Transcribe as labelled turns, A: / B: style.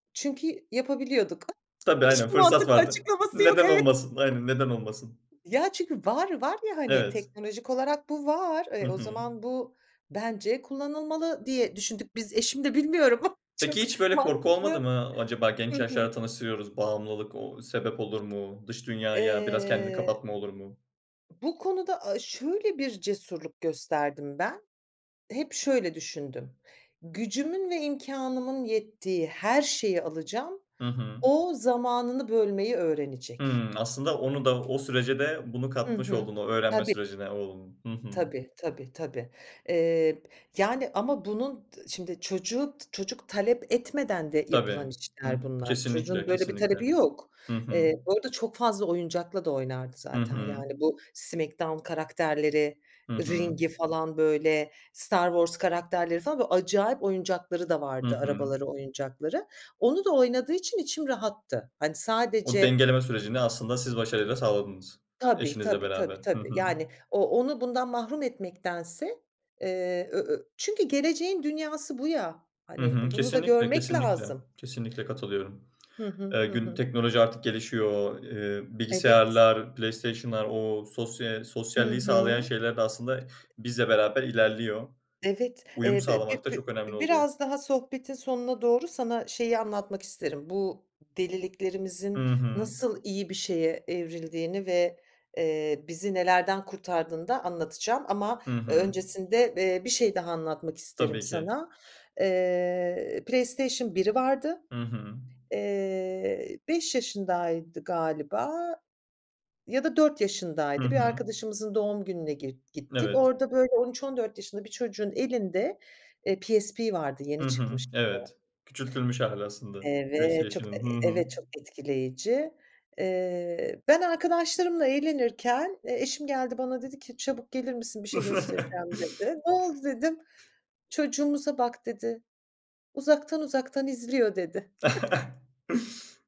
A: Çünkü yapabiliyorduk.
B: Tabii, aynen,
A: Hiçbir
B: fırsat
A: mantıklı
B: vardı.
A: açıklaması yok,
B: Neden
A: evet.
B: olmasın? Aynen, neden olmasın?
A: Ya, çünkü var, var ya, hani,
B: Evet.
A: teknolojik olarak bu var.
B: Hı
A: E, o
B: hı.
A: zaman bu bence kullanılmalı, diye düşündük biz eşim de bilmiyorum çok
B: Peki, hiç, böyle, korku olmadı
A: mantıklı.
B: mı acaba
A: Hı
B: genç
A: hı.
B: yaşlarda tanıştırıyoruz, bağımlılık, ooo, sebep olur mu? Dış dünyaya biraz kendini
A: Eee
B: kapatma olur mu?
A: Bu konuda a şöyle bir cesurluk gösterdim ben, hep şöyle düşündüm: Gücümün ve imkânımın yettiği her şeyi alacağım,
B: Hı hı.
A: o zamanını bölmeyi öğrenecek.
B: Hımm, aslında onu da o sürece de bunu
A: Hı
B: katmış
A: hı.
B: oldun, o öğrenme
A: Tabii.
B: sürecine oğlunun. Hı hı.
A: Tabii, tabii, tabii. Eee, yani, ama bunun, ııı, şimdi, çocuğu, çocuk talep etmeden de yapılan
B: Tabii. Hıh.
A: işler bunlar.
B: Kesinlikle,
A: Çocuğun böyle bir
B: kesinlikle.
A: talebi yok.
B: Hı hı.
A: Eee, bu arada çok fazla oyuncakla da oynardı
B: Hı
A: zaten,
B: hı.
A: yani, bu Smackdown karakterleri,
B: Hı hı.
A: ring'i falan, böyle, Star Wars karakterleri, falan, böyle, acayip oyuncakları da
B: Hı
A: vardı
B: hı.
A: arabaları, oyuncakları. Onu da oynadığı için içim rahattı, hani,
B: O
A: sadece
B: dengeleme sürecini aslında siz başarıyla sağladınız.
A: Tabii,
B: Eşinizle
A: tabii, tabii,
B: beraber. Hı
A: tabii,
B: hı.
A: yani, o onu bundan mahrum etmektense, eee, ö ö çünkü geleceğin dünyası bu ya,
B: Hı
A: hani,
B: hı.
A: bunu da
B: Kesinlikle,
A: görmek
B: kesinlikle,
A: lazım.
B: kesinlikle katılıyorum.
A: Hı hı,
B: Eee,
A: hı
B: gün
A: hı.
B: teknoloji artık gelişiyor, eee,
A: Evet.
B: bilgisayarlar, PlayStation'lar o, sosya eee,
A: Hı
B: sosyalliği sağlayan
A: hı.
B: şeyler de aslında bizle beraber ilerliyor.
A: Evet.
B: Uyum
A: Eee, b b
B: sağlamak da
A: b
B: çok önemli oluyor.
A: biraz daha sohbetin sonuna doğru sana şeyi anlatmak isterim. Bu deliliklerimizin
B: Hı hı.
A: nasıl iyi bir şeye evrildiğini ve, eee, bizi nelerden kurtardığını da anlatacağım ama
B: Hı
A: ö
B: hı.
A: öncesinde, eee, bir şey daha anlatmak isterim
B: Tabii ki.
A: sana. Eee, Playstation 1'i vardı.
B: Hı hı.
A: Eee, 5 yaşındaydı galiba ya da 4
B: Hı
A: yaşındaydı. Bir
B: hı.
A: arkadaşımızın doğum gününe git gittik.
B: Evet.
A: Orada böyle 13-14 yaşında bir çocuğun elinde, eee, PSP vardı,
B: Hı
A: yeni
B: hı,
A: çıkmıştı.
B: evet, küçültülmüş hâli aslında
A: Evet, çok e
B: PlayStation'ın. Hı hı.
A: evet, çok etkileyici. Eee, ben arkadaşlarımla eğlenirken, eee, eşim geldi bana dedi ki "Çabuk gelir misin, bir şey göstereceğim." dedi. Ne oldu dedim. Çocuğumuza bak dedi. Uzaktan uzaktan izliyor dedi.